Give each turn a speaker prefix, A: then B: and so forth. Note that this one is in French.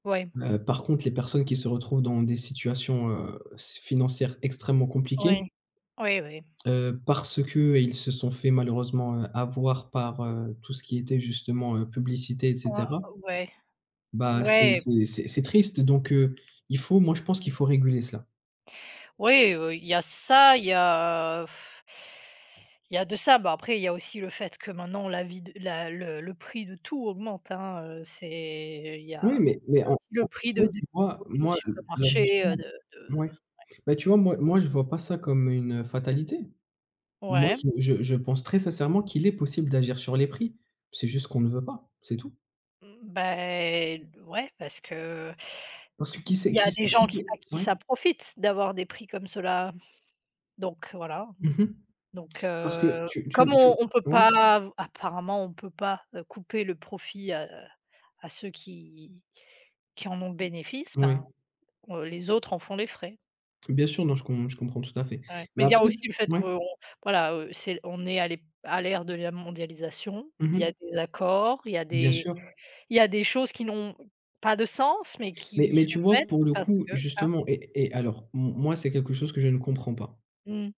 A: Ouais.
B: Heu, par contre, les personnes qui se retrouvent dans des situations, heu, s financières extrêmement compliquées
A: Ouais. Oui, oui.
B: heu, parce qu'ils se sont fait malheureusement, heu, avoir par, heu, tout ce qui était justement, heu, publicité et
A: Ah
B: cetera.
A: ouais.
B: Bah, c'est
A: Ouais.
B: c'est c'est c'est triste, donc heu, il faut moi, je pense qu'il faut réguler cela.
A: Oui, heu, il y a ça, il y a il y a de ça bah après il y a aussi le fait que maintenant la vie de la le le prix de tout augmente hein, heu, c'est il y a
B: Oui, mais mais
A: il y a
B: en
A: aussi le
B: en
A: prix de
B: soit,
A: des
B: tu vois,
A: produits au
B: moi le le
A: supermarché, heu,
B: justement.
A: de de
B: Mouais.
A: ouais.
B: Bah tu vois, moi moi, je vois pas ça comme une fatalité. Moi,
A: Ouais.
B: je je je pense très sincèrement qu'il est possible d'agir sur les prix. C'est juste qu'on ne veut pas, c'est tout.
A: Bah et d ouais parce que
B: Parce que qui c'est
A: il y a
B: qui c'est
A: des
B: qui
A: gens qui
B: c'est
A: à qui
B: ouais?
A: ça profite d'avoir des prix comme cela, donc voilà
B: Mmh mh.
A: donc
B: Parce que
A: heu,
B: tu tu
A: comme
B: tu
A: on on peut
B: ouais?
A: pas av apparemment on peut pas, heu, couper le profit à à ceux qui qui en ont le bénéfice
B: Moui.
A: ben, heu, les autres en font les frais.
B: Bien sûr, non, je com je comprends tout à fait,
A: Ouais,
B: mais
A: mais il y a
B: après
A: aussi le fait
B: mouais.
A: qu'on, voilà, heu, c'est on est à l'ép à l'ère de la mondialisation,
B: Mmh
A: il y a
B: mh.
A: des accords, il y a
B: Bien
A: des
B: sûr.
A: il y a des choses qui n'ont pas de sens, mais
B: Mais
A: qui
B: mais
A: sont
B: tu vois
A: faites
B: pour le
A: parce
B: coup,
A: que hein?
B: justement et et alors, m moi, c'est quelque chose que je ne comprends pas.
A: Mmh.